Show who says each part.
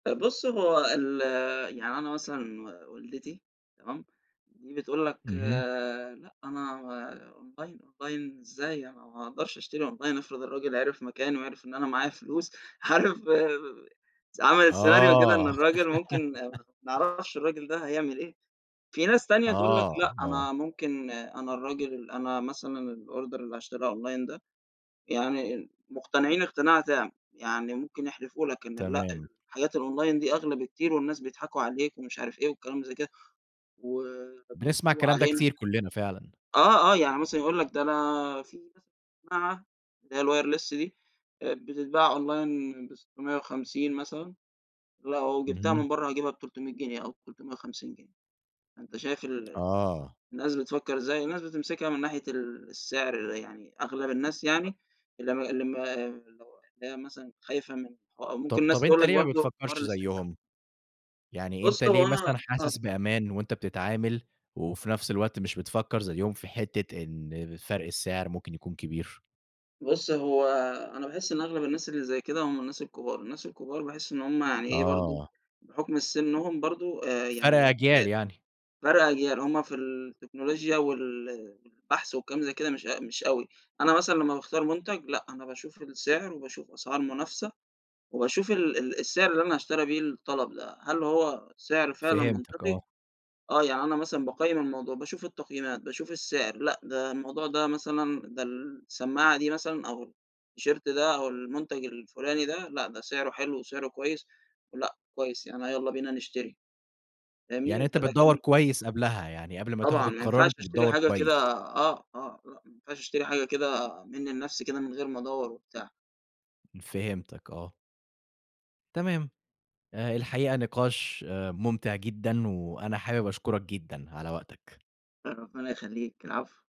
Speaker 1: طب بص هو ال يعني أنا مثلًا و والدتي تمام؟ دي بتقول لَك
Speaker 2: اهم.
Speaker 1: لأ أنا online online إزاي أنا ما أقدرش أشتري online افرض الراجل عرف مكاني، وعرف إن أنا معايا فلوس عارف س عملت scenario كده إن
Speaker 2: آه.
Speaker 1: الراجل ممكن ما أعرفش الراجل ده هيعمل إيه، في ناس تانية تقول لَك
Speaker 2: آه
Speaker 1: لأ،
Speaker 2: آه.
Speaker 1: أنا ممكن أنا الراجل أنا مثلًا الorder اللي هاشتريه online ده. يعني مقتنعين اقتناع تام، يعني ممكن يحلفوا لَك إن لأ
Speaker 2: تمام.
Speaker 1: الحاجات الonline دي أغلى بكتير والناس بيضحكوا عليك، ومش عارف إيه والكلام زي كده، و
Speaker 2: بنسمع
Speaker 1: وبينصبوا
Speaker 2: الكلام ده
Speaker 1: علينا.
Speaker 2: كتير كلنا فعلًا.
Speaker 1: آه، آه يعني مثلًا يقول لك ده أنا في مثلًا سماعة اللي هي الwireless دي آآ بتتباع online ب650 مثلًا، لو جبتها
Speaker 2: اهم.
Speaker 1: من برّه هاجيبها ب300 جنيه أو 350 جنيه، فأنت شايف ال ال
Speaker 2: آه.
Speaker 1: الناس بتفكر إزاي؟ الناس بتمسكها من ناحية ال السعر يعني أغلب الناس
Speaker 2: [unintelligible]
Speaker 1: يعني اللي م اللي م اللي هو اللي هي مثلًا خايفة من ح أو
Speaker 2: طب
Speaker 1: ممكن الناس
Speaker 2: طب
Speaker 1: تقول
Speaker 2: أنتَ
Speaker 1: لَك
Speaker 2: ليه ما
Speaker 1: برضه حوار
Speaker 2: بتفكرش
Speaker 1: الاسترجاع
Speaker 2: زيهم؟ يعني أنتَ
Speaker 1: بُص
Speaker 2: ليه
Speaker 1: هو أنا
Speaker 2: مثلًا
Speaker 1: آه.
Speaker 2: حاسس بأمان وأنتَ بتتعامل، وفي نفس الوقت مش بتفكر زيهم في حتة إن فرْق السعر ممكن يكون كبير؟
Speaker 1: بُص هو أنا باحس إن أغلب الناس اللي زي كده هم الناس الكبار، الناس الكبار باحس إن هم يعني إيه برضه،
Speaker 2: آه.
Speaker 1: بحكم ال سِنهم برضه آآ
Speaker 2: فرْق
Speaker 1: يعني ب
Speaker 2: اجيال يعني.
Speaker 1: فرْق أجيال هم في التكنولوجيا وال والبحث وكلام زي كده مش أ مش أوي، أنا مثلًا لمّا باختار مُنتَج لأ، أنا باشوف السعر وباشوف أسعار منافسة، وباشوف ال ال السعر اللي أنا هاشتري بيه الطلب ده، هل هو سعر فعلًا
Speaker 2: فهمتك
Speaker 1: منطقي؟
Speaker 2: آه.
Speaker 1: آه يعني أنا مثلًا باقيِّم الموضوع، باشوف التقييمات، باشوف السعر لأ، ده الموضوع ده مثلًا ده السماعة دي مثلًا أو الT-shirt ده أو المُنتَج الفلاني ده لأ، ده سعره حلو وسعره كويس لأ، كويس يعني يلّا بينا نشتري
Speaker 2: يعني
Speaker 1: فاهمني؟
Speaker 2: أنتَ
Speaker 1: فلكن
Speaker 2: بتدوَّر كويس قبلها، يعني قبل ما تاخد
Speaker 1: طبعًا ما
Speaker 2: القرار
Speaker 1: ينفعش
Speaker 2: أنتَ
Speaker 1: أشتري
Speaker 2: بتدوَّر
Speaker 1: حاجة كده
Speaker 2: كويس؟
Speaker 1: آه، آه، آه، ما ينفعش أشتري حاجة كده منّي لنفسي كده من غير ما ادوَّر وبتاع.
Speaker 2: فهمتك آه. تمام. آآ الحقيقة نِقاش آآ ممتع جدًا، وأنا حابب أشكرك جدًا على وقتك.
Speaker 1: آآ ربنا يخليك العفو.